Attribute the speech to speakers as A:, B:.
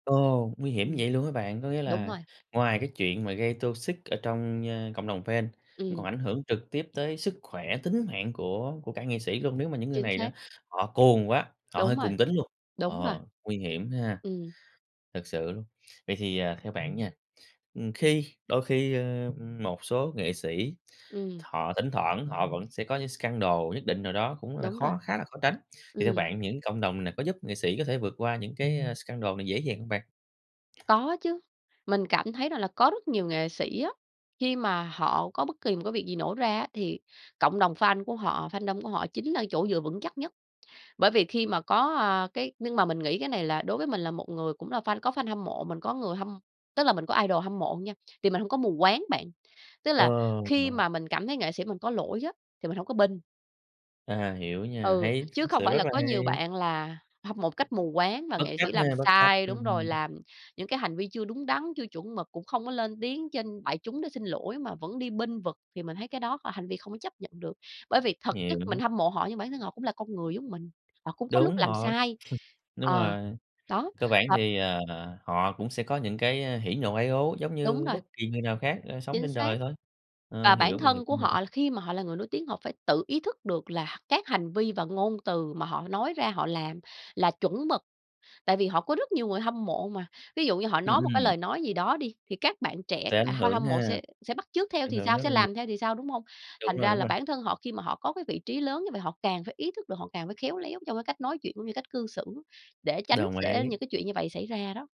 A: Ồ! Nguy hiểm như
B: Ừm.
A: vậy luôn hả bạn? Có nghĩa
B: Đúng
A: là,
B: rồi.
A: ngoài cái chuyện mà gây toxic ở trong, ơ, cộng đồng fan, còn
B: Ừm.
A: ảnh hưởng trực tiếp tới sức khỏe, tính mạng của của cả nghệ sĩ luôn, nếu mà những người
B: Chính
A: này đó,
B: xác.
A: họ cuồng quá, họ hơi
B: Đúng rồi,
A: cuồng tín luôn,
B: đúng rồi.
A: ờ, nguy hiểm ha.
B: Ừm.
A: Thật sự luôn. Vậy thì, ờ, theo bạn nha, ừm, khi đôi khi, ơ, ừm, một số nghệ sĩ,
B: Ừm.
A: họ thỉnh thoảng họ vẫn sẽ có những scandal nhất định nào đó cũng là
B: Đúng rồi.
A: khó khá là khó tránh, thì theo
B: Ừm.
A: bạn những cộng đồng này có giúp nghệ sĩ có thể vượt qua những cái, a, scandal này dễ dàng hông bạn?
B: Có chứ, mình cảm thấy rằng là có rất nhiều nghệ sĩ á, khi mà họ có bất kỳ một cái việc gì nổ ra á, thì cộng đồng fan của họ, fandom của họ chính là chỗ dựa vững chắc nhất. Bởi vì khi mà có, à, cái nhưng mà mình nghĩ cái này là đối với mình là một người cũng là fan có fan hâm mộ, mình có người hâm tức là mình có idol hâm mộ nha, thì mình hông có mù quáng bạn. Tức là
A: Ờ
B: khi
A: [unintelligible]
B: mà mình cảm thấy nghệ sĩ mình có lỗi á, thì mình hổng có bênh.
A: À, hiểu nha,
B: Ừ,
A: hay,
B: chứ
A: [unintelligible]
B: không
A: sự
B: phải
A: rất
B: là
A: là
B: có nhiều
A: hay.
B: bạn là hâm mộ một cách mù quáng và
A: Bất
B: nghệ
A: chấp
B: sĩ
A: nha,
B: làm
A: bất chấp,
B: sai đúng rồi,
A: ừm.
B: làm những cái hành vi chưa đúng đắn, chưa chuẩn mực cũng không có lên tiếng trên đại chúng để xin lỗi mà vẫn đi bênh vực thì mình thấy cái đó h hành vi không có chấp nhận được. Bởi vì thực chất mình
A: Hiểu.
B: hâm mộ họ nhưng bản thân họ cũng là con người giống mình, họ cũng có lúc
A: Đúng,
B: làm
A: họ
B: sai,
A: đúng
B: ờ,
A: rồi.
B: đó,
A: Cơ bản
B: và
A: thì, ờ, họ cũng sẽ có những cái, ơ, hỉ ,nộ, ái, ố giống
B: Đúng
A: như
B: rồi.
A: bất kỳ người nào khác, ờ, sống
B: Chính
A: trên
B: xác.
A: đời thôi,
B: Và
A: ờ,
B: bản
A: hiểu, mình hiểu
B: thân của
A: [unintelligible]
B: họ khi mà họ là người nổi tiếng, họ phải tự ý thức được là các hành vi và ngôn từ mà họ nói ra, họ làm là chuẩn mực. Tại vì họ có rất nhiều người hâm mộ mà. Ví dụ như họ
A: Ừm,
B: nói một cái
A: ừm.
B: lời nói gì đó đi, thì các bạn trẻ,
A: Sẽ
B: các
A: ảnh
B: bạn ha
A: hưởng
B: hâm mộ
A: ha,
B: sẽ sẽ bắt chước theo
A: ảnh
B: thì
A: hưởng
B: sao,
A: rất
B: sẽ
A: là nhiều
B: làm theo thì sao, đúng hông?
A: Đúng
B: Thành
A: rồi,
B: ra
A: đúng
B: là
A: rồi.
B: bản thân họ khi mà họ có cái vị trí lớn như vậy, họ càng phải ý thức được, họ càng phải khéo léo trong cái cách nói chuyện cũng như cách cư xử để tránh
A: Đồng
B: sẽ
A: ý.
B: những cái chuyện như vậy xảy ra đó.